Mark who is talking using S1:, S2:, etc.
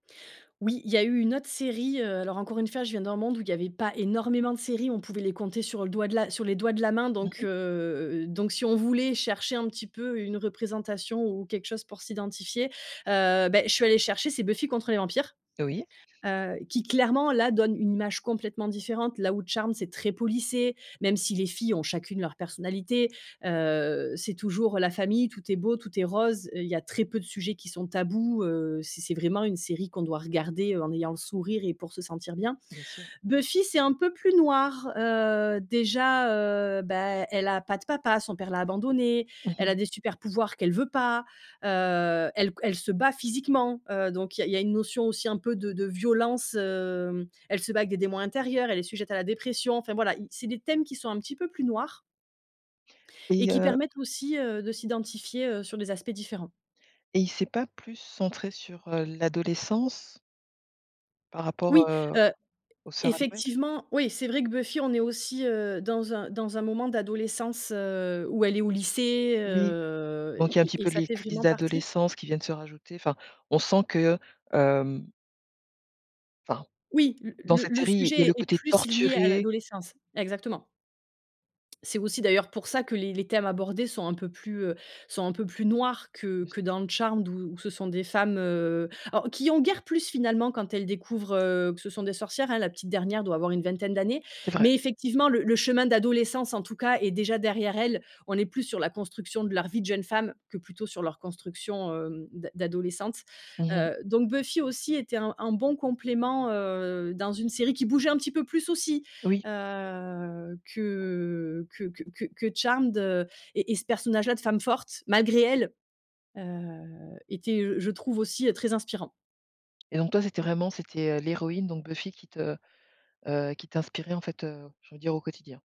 S1: Oui, il y a eu une autre série, heu alors encore une fois, je viens d'un monde où il y avait pas énormément de séries. On pouvait les compter sur le doigt de la sur les doigts de la main.
S2: Mmh
S1: Donc
S2: mh.
S1: heu donc si on voulait chercher un petit peu une représentation ou quelque chose pour s'identifier, heu, beh, je suis allée chercher, c'est Buffy contre les vampires,
S2: Oui.
S1: heu, qui clairement là donne une image complètement différente. Là où Charmed c'est très policé, même si les filles ont chacune leur personnalité, heu, c'est toujours la famille. Tout est beau, tout est rose. Il y a très peu de sujets qui sont tabous, heu, c'est c'est vraiment une série qu'on doit regarder, heu, en ayant le sourire et pour se sentir bien.
S2: Bien sûr.
S1: Buffy, c'est un peu plus noir, heu, déjà, heu, bah, elle a pas de papa, son père l'a abandonnée.
S2: Mmh
S1: Elle
S2: mh.
S1: a des supers pouvoirs qu'elle veut pas, heu, elle c elle se bat physiquement, heu, donc il y a il y a une notion aussi un peu de de violence, hem, elle se bat avec des démons intérieurs, elle est sujette à la dépression, enfin voilà, i c'est des thèmes qui sont un petit peu plus noirs et
S2: Et,
S1: qui
S2: heu
S1: permettent aussi, heu, de s'identifier, heu, sur des aspects différents.
S2: Et il s'est pas plus centré sur, heu, l'adolescence? Par rapport,
S1: Oui,
S2: heu,
S1: heu, e e
S2: aux sœurs Halliwell.
S1: effectivement, oui c'est vrai que Buffy, on est aussi, heu, dans un dans un moment d'adolescence, heu, où elle est au lycée
S2: Oui.
S1: heu
S2: Donc il y a un petit
S1: et et et
S2: peu
S1: ça
S2: les
S1: fait
S2: crises
S1: vraiment partie
S2: d'adolescence qui viennent se rajouter, enfin, on sent que, hem enfin.
S1: Oui, l
S2: Dans
S1: le
S2: cette
S1: le
S2: série, il y a
S1: sujet
S2: le
S1: est
S2: côté
S1: plus lié à
S2: torturé
S1: l'adolescence. Exactement c'est aussi d'ailleurs pour ça que les les thèmes abordés sont un peu plus, heu, sont un peu plus noirs que
S2: Bien sûr.
S1: que dans Charmed où où ce sont des femmes, heu, alors qui ont guère plus finalement quand elles découvrent, heu, que ce sont des sorcières. Hein, la petite dernière doit avoir une vingtaine d'années.
S2: C'est vrai.
S1: Mais effectivement, le le chemin d'adolescence en tout cas est déjà derrière elle. On est plus sur la construction de leur vie de jeune femme que plutôt sur leur construction, hem, d'a d'adolescente.
S2: Mmh mh.
S1: Heu, donc Buffy aussi était un un bon complément, heu, dans une série qui bougeait un petit peu plus aussi,
S2: Oui.
S1: heu, que que que que que Charmed, heu, et et ce personnage là de femme forte malgré elle, heu, était je trouve aussi très inspirant.
S2: Et donc toi c'était vraiment c'était, heu, l'héroïne, donc Buffy qui te, heu, qui t'inspirait en fait, heu, je veux dire au quotidien?